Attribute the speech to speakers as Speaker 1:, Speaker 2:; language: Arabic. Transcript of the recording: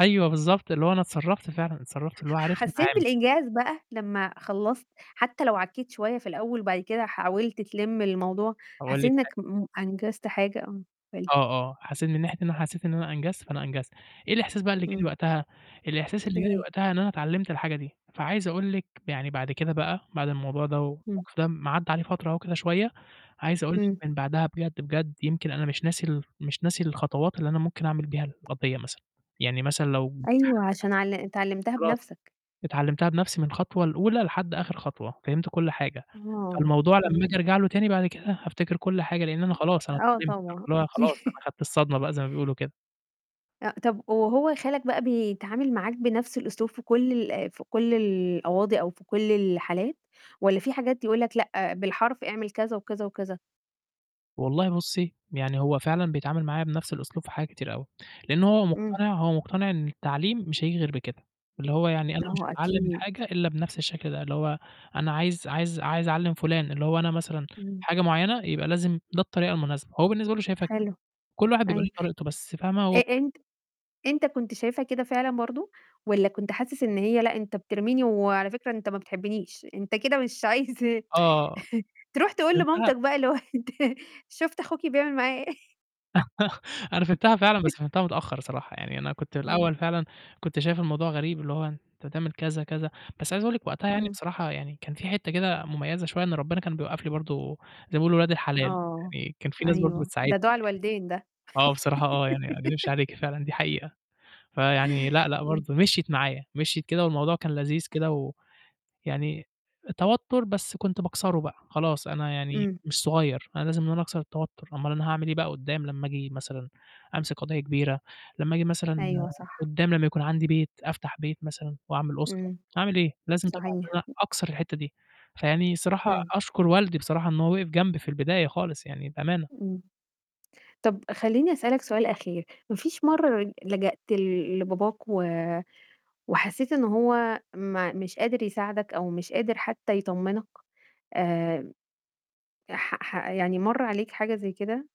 Speaker 1: أيوه، بالضبط، اللي هو أنا اتصرّفت فعلًا، اتصرّفت اللي هو
Speaker 2: ح
Speaker 1: عرفت
Speaker 2: حسيت
Speaker 1: اتعامل.
Speaker 2: بالإنجاز بقى لمّا خلّصت، حتّى لو عكّيت شوية في الأول، وبَعد كده حاولت تلِم الموضوع،
Speaker 1: أقول
Speaker 2: حسيت
Speaker 1: لِك حاجة
Speaker 2: إنّك م أنجزت حاجة؟ آه، قل لي.
Speaker 1: آه، آه، حسيت من ناحية إن أنا حسيت إن أنا أنجزت، فأنا أنجزت. إيه الإحساس بقى اللي جا لي
Speaker 2: إمم.
Speaker 1: وقتها، الإحساس اللي
Speaker 2: إيه
Speaker 1: جا لي
Speaker 2: هي؟
Speaker 1: وقتها إن أنا اتعلمت الحاجة دي، فعايز أقول لِك يعني بَعد كده بقى، بَعد الموضوع ده،
Speaker 2: إمم.
Speaker 1: والمَوقِف ده لمّا عدّى عليه فترة أهو كده شوية، عايز أقول
Speaker 2: إمم.
Speaker 1: لِك من بَعدها بجد، بجد يمكن أنا مش ناسي ال مش ناسي الخطوات اللي أنا ممكن أعمل بيها القضية مثلًا. يعني مثلًا لو في حد
Speaker 2: أيوه، عشان عل أنت علِّمتها
Speaker 1: خلاص
Speaker 2: بنفسك.
Speaker 1: اتعلمتها بنفسي من الخطوة الأولى، لحد آخِر خطوة، فهمت كلّ حاجة،
Speaker 2: آه،
Speaker 1: فالموضوع لمّا أجي
Speaker 2: إمم.
Speaker 1: أرجع له تاني بَعد كده، هافتكر كلّ حاجة، لإن أنا خلاص أنا
Speaker 2: آه،
Speaker 1: اتعلمت.
Speaker 2: طبعًا
Speaker 1: اللي هو خلاص
Speaker 2: أكي
Speaker 1: أنا خَدت الصدمة بقى، زَي ما بيقولوا كده.
Speaker 2: أ طَب وهو خالك بقى بيتعامل معاك بنفس الأسلوب في كلّ ال آآ في كلّ القواضي، أو في كلّ الحالات، والّا في حاجات يقول لك لأ، بالحرف اعمل كذا، وكذا، وكذا؟
Speaker 1: والله بُصّي، يعني هو فعلًا بيتعامل معايا بنفس الأسلوب في حاجات كتيرة أوي. لأن هو
Speaker 2: إمم.
Speaker 1: مقتنع هو مقتنع إن التعليم مش هييجي غير بكده. اللي هو يعني أنا مش
Speaker 2: هو
Speaker 1: هاتعلم
Speaker 2: أكيد.
Speaker 1: الحاجة إلا بنفس الشكل ده. اللي هو أنا عايز عايز عايز أعلّم فلان اللي هو أنا مثلًا
Speaker 2: إمم.
Speaker 1: حاجة معيّنة، يبقى لازم ده الطريقة المناسبة، هو بالنسبة له شايفها كده.
Speaker 2: حلو.
Speaker 1: كلّ واحد بيبقى
Speaker 2: أيوَه.
Speaker 1: ليه طريقته، بس فاهمة؟
Speaker 2: أ
Speaker 1: هو
Speaker 2: أنت أنت كنت شايفها كده فعلًا برضه، والّا كنت حاسس إن هي "لأ، أنت بترميني، وعلى فكرة أنت ما بتحبنيش، أنت كده مش عايز"
Speaker 1: آه،
Speaker 2: تروح تقول
Speaker 1: فهمتها.
Speaker 2: لمامتك بقى اللي هو: "أنت شُفتِ أخوكِ بيعمل معايا إيه؟"
Speaker 1: أنا فهمتها فعلًا، بس فهمتها متأخر الصراحة، يعني أنا كنت
Speaker 2: إمم.
Speaker 1: الأول فعلًا كنت شايف الموضوع غريب، اللي هو أنت هتعمل كذا، كذا بس عايز أقول لِك وقتها يعني
Speaker 2: إمم.
Speaker 1: بصراحة يعني كان في حتّة كده مميزة شوية، إن ربنا كان بيوقّف لي برضه زَي ما بيقولوا ولاد الحلال
Speaker 2: آه،
Speaker 1: يعني، كان في ناس برضه
Speaker 2: أيوه،
Speaker 1: بتساعدني.
Speaker 2: ده دُعا الوالدين ده.
Speaker 1: آه، بصراحة آه، يعني ما أكدبش عليكِ فعلًا دي حقيقة. فيعني لأ، لأ،
Speaker 2: إمم.
Speaker 1: برضه مشيِت معايا، مشيِت كده، والموضوع كان لذيذ كده، ويعني توتر بس كنت باكسره بقى خلاص، أنا يعني
Speaker 2: إمم.
Speaker 1: مش صغيّر، أنا لازم إن أنا أكسر التوتر، أمّال أنا هاعمل إيه بقى قدّام لمّا أجي مثلًا أمسك قضية كبيرة، لمّا أجي مثلًا
Speaker 2: أيوه، صح.
Speaker 1: قدّام لمّا يكون عَندي بيت، أفتح بيت مثلًا، وأعمل أسرة،
Speaker 2: إمم.
Speaker 1: هاعمل إيه؟ لازم طبعًا إن
Speaker 2: صحيح.
Speaker 1: أنا أكسر الحتّة دي، فيعني الصراحة
Speaker 2: أيوه.
Speaker 1: أشكر والدي بصراحة إن هو وقَف جنبي في البداية خالص، يعني بأمانة.
Speaker 2: إمم. طَب خلّيني أسألك سؤال أخير. ما فيش مَرّة لجأت ل لباباك، و وحسيت إن هو ما مش قادر يساعدك، أو مش قادر حتّى يطمنك؟ آمم، ي ح ح يعني مَر عليك حاجة زَي كده؟